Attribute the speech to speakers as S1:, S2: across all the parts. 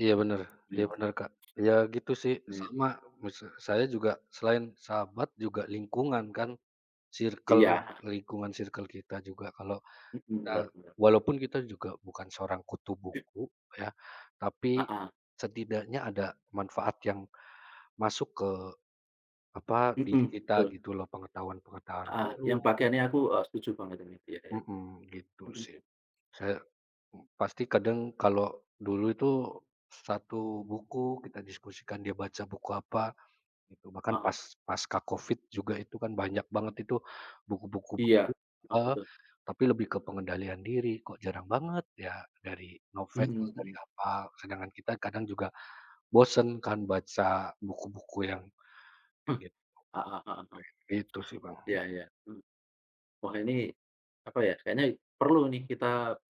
S1: Iya bener iya
S2: Mmm.
S1: bener, Kak. Ya gitu sih, sama,
S2: [unintelligible]
S1: misa saya juga selain sahabat juga lingkungan kan circle,
S2: Iya.
S1: lingkungan circle kita juga. Kalau
S2: Mhm,
S1: kita
S2: bener bener bener.
S1: walaupun kita juga bukan seorang kutu
S2: P
S1: buku ya, tapi
S2: Heeh.
S1: setidaknya ada manfaat yang masuk ke, apa, diri
S2: Mhm,
S1: kita
S2: betul.
S1: gitu loh, pengetahuan-pengetahuan
S2: Heeh, yang
S1: baru
S2: bagian ini aku e setuju banget ini, iya iya.
S1: Mhm, gitu
S2: Mhm.
S1: sih. Saya, m pasti kadang kalau dulu itu 1 buku kita diskusikan dia baca buku apa, gitu. Bahkan
S2: Heeh.
S1: pas pasca covid juga itu kan banyak banget itu buku-buku
S2: Iya,
S1: baru
S2: heeh,
S1: heeh,
S2: betul.
S1: tapi lebih ke pengendalian diri. Kok jarang banget ya, dari novel,
S2: Mhm
S1: dari
S2: mhm.
S1: apa, sedangkan kita kadang juga bosen kan baca buku-buku yang
S2: Hmm.
S1: gitu.
S2: Heeh heeh heeh.
S1: Kayak gitu sih, Bang.
S2: Iya iya, mhm. Wah ini, apa ya, kayaknya perlu nih kita,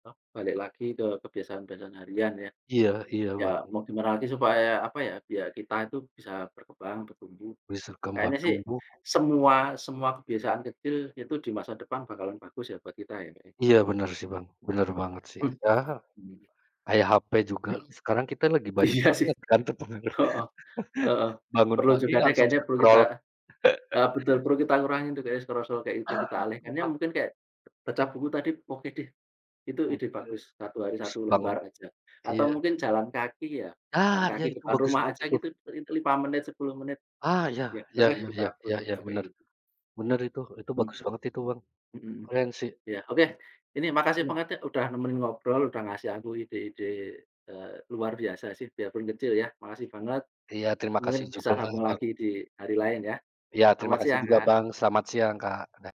S2: apa, balik lagi ke kebiasaan-kebiasaan harian ya.
S1: Iya iya,
S2: Ya
S1: Bang.
S2: mau di gimana lagi supaya, apa ya, biar kita itu bisa berkembang, bertumbuh,
S1: Bisa kembang
S2: kayaknya sih
S1: tumbuh.
S2: semua semua kebiasaan kecil itu di masa depan bakalan bagus ya buat kita ya kayaknya?
S1: Iya benar sih Bang, benar banget sih.
S2: Mmm.
S1: Ya,
S2: Mmm.
S1: kayak HP juga sekarang kita
S2: [unintelligible]
S1: lagi banyak
S2: Iya sih,
S1: banget kan terpengaruh.
S2: heeh, heeh.
S1: Bangun
S2: Perlu
S1: pagi
S2: juga deh
S1: langsung
S2: kayaknya perlu kita
S1: scroll.
S2: eee, betul perlu kita kurangi tuh kayaknya scroll-scroll kayak gitu
S1: Ah,
S2: kita alihkan. Ya
S1: bukan.
S2: mungkin kayak baca buku tadi oke deh, itu
S1: Kurang
S2: ide bagus,
S1: sreg,
S2: 1 hari,
S1: habis
S2: 1
S1: bangun,
S2: lembar aja, atau
S1: iya.
S2: mungkin jalan kaki ya,
S1: Ah,
S2: jalan
S1: iya
S2: kaki
S1: itu
S2: depan
S1: bagus
S2: rumah
S1: banget
S2: aja
S1: itu.
S2: gitu itu li lima menit, 10 menit.
S1: Ah iya,
S2: Iya bener
S1: iya
S2: deh
S1: iya
S2: kita
S1: iya
S2: perlu
S1: iya iya
S2: coba kayak
S1: benar,
S2: gitu.
S1: benar itu itu
S2: Hmm.
S1: bagus banget itu Bang,
S2: Mhm, hmm.
S1: keren sih.
S2: Iya, oke. Ini makasih
S1: Iya.
S2: banget ya, udah nemenin ngobrol udah ngasih aku ide-ide, eee, luar biasa sih biar pun kecil ya. Makasih banget,
S1: Iya terima
S2: mungkin
S1: kasih
S2: bisa
S1: juga ya,
S2: sambung
S1: Bang.
S2: lagi di hari lain ya,
S1: Iya, terima
S2: selamat
S1: kasih
S2: siang,
S1: juga
S2: Kak.
S1: Bang, selamat siang, Kak. Dah.